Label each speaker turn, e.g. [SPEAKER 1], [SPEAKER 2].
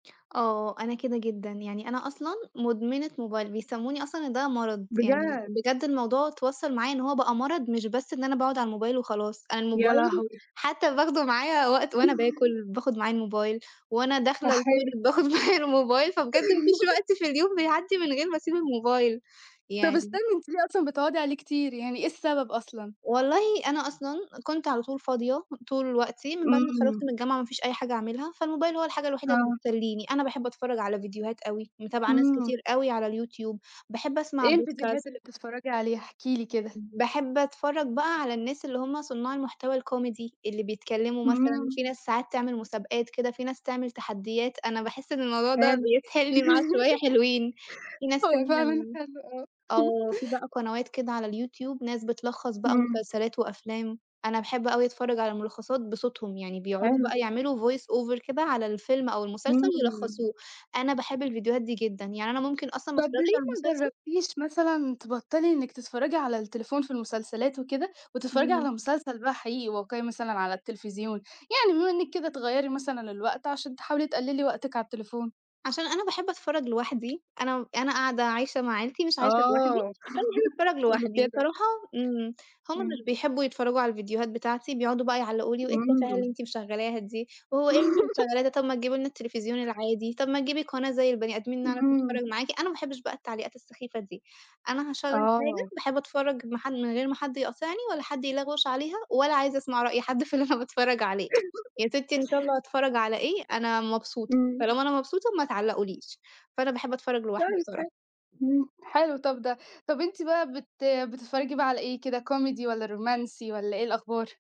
[SPEAKER 1] آه، أنا كده جدًا يعني أنا أصلًا مدمنة موبايل، بيسموني أصلًا إن ده مرض، يعني
[SPEAKER 2] بجد؟
[SPEAKER 1] بجد الموضوع اتوصّل معايا إن هو بقى مرض مش بس إن أنا باقعد على الموبايل وخلاص، أنا
[SPEAKER 2] يا
[SPEAKER 1] الموبايل
[SPEAKER 2] لهوي!
[SPEAKER 1] حتى باخده معايا وقت وأنا باكل باخد معايا الموبايل، وأنا داخلة
[SPEAKER 2] أحّيه!
[SPEAKER 1] الToilet باخد معايا الموبايل فبجد ما فيش وقت في اليوم بيعدّي من غير ما أسيب الموبايل
[SPEAKER 2] طَب استني
[SPEAKER 1] يعني
[SPEAKER 2] أنتِ ليه أصلًا بتقعدي عليه كتير يعني، إيه السبب أصلًا؟
[SPEAKER 1] والله أنا أصلًا كنت على طول فاضية طول الوقت من بعد ما
[SPEAKER 2] إمم.
[SPEAKER 1] اتخرّجت من الجامعة ما فيش أي حاجة أعملها، فالموبايل هو الحاجة الوحيدة اللي
[SPEAKER 2] آه.
[SPEAKER 1] بتسلّيني، أنا باحب أتفرّج على فيديوهات أوي متابعة ناس
[SPEAKER 2] إمم.
[SPEAKER 1] كتير أوي على الYouTube، باحب أسمع
[SPEAKER 2] إيه
[SPEAKER 1] podcast.
[SPEAKER 2] الفيديوهات اللي بتتفرجي عليها؟ احكي لي كده.
[SPEAKER 1] باحب أتفرّج بقى على الناس اللي هُم صنّاع المحتوى الcomedy اللي بيتكلموا مثلًا
[SPEAKER 2] إمم.
[SPEAKER 1] في ناس ساعات تعمل مسابقات كده، في ناس تعمل تحدّيات أنا باحس إن الموضوع ده
[SPEAKER 2] حلو.
[SPEAKER 1] بيسحلني معاه شوية حلوين، في ناس
[SPEAKER 2] هو
[SPEAKER 1] تانية
[SPEAKER 2] فعلًا حلو، آه.
[SPEAKER 1] آه، في بقى قنوات كده على الYouTube ناس بتلخّص بقى
[SPEAKER 2] إمم.
[SPEAKER 1] مسلسلات وأفلام، أنا باحب أوي أتفرّج على ملخّصات بصوتهم يعني بيقعدوا
[SPEAKER 2] حلو.
[SPEAKER 1] بقى يعملوا voice over كده على الفيلم أو المسلسل
[SPEAKER 2] إمم.
[SPEAKER 1] يلخّصوه، أنا باحب الفيديوهات دي جدًا يعني أنا ممكن أصلًا ما
[SPEAKER 2] طَب
[SPEAKER 1] أتفرّجش على
[SPEAKER 2] ليه ما
[SPEAKER 1] المسلسل
[SPEAKER 2] جرّبتيش مثلًا تبطّلي إنِك تتفرّجي على التليفون في المسلسلات وكده، وتتفرّجي على
[SPEAKER 1] اهم.
[SPEAKER 2] مسلسل بقى حقيقي واقعي مثلًا على التليفزيون، يعني بما إنِك كده تغيّري مثلًا الوقت عشان تحاولي تقللي وقتِك على التليفون؟
[SPEAKER 1] عشان أنا باحب أتفرّج لوحدي، أنا م أنا قاعدة عايشة مع عيلتي مش عايشة لوحدي،
[SPEAKER 2] آه،
[SPEAKER 1] فانا باحب أتفرّج
[SPEAKER 2] قولي
[SPEAKER 1] لوحدي
[SPEAKER 2] كده.
[SPEAKER 1] بصراحة إمم، هُم
[SPEAKER 2] إمم.
[SPEAKER 1] مش بيحبوا يتفرّجوا على الفيديوهات بتاعتي بيقعدوا بقى يعلقوا لي وإيه التفاهة اللي
[SPEAKER 2] إمم.
[SPEAKER 1] أنتِ مشغّلاها دي، وهو إيه اللي أنتِ مشغّلاها ده طَب ما تجيبي لنا التليفزيون العادي طَب ما تجيبي قناة زي البني آدمين نعرف
[SPEAKER 2] إمم.
[SPEAKER 1] نتفرّج معاكِ، أنا ما احبش بقى التعليقات السخيفة دي، أنا هاشغّل حاجة
[SPEAKER 2] آه.
[SPEAKER 1] باحب أتفرّج ما ح من غير ما حد يقاطعني ولا حد يلغوش عليها ولا عايزة أسمع رأي حد في اللي أنا باتفرّج عليه، يا سِتّي إن شاء الله هاتفرّج على إيه أنا مبسوطة،
[SPEAKER 2] إمم.
[SPEAKER 1] طالما أنا مبسوطة ما تعلقوا ليش، فأنا باحب أتفرّج لوحدي
[SPEAKER 2] كويس
[SPEAKER 1] بصراحة.
[SPEAKER 2] حلو إمم، حلو طَب ده، طَب أنتِ بقى بت بتتفرجي بقى على إيه كده comedy والّا رومانسي والّا إيه الأخبار؟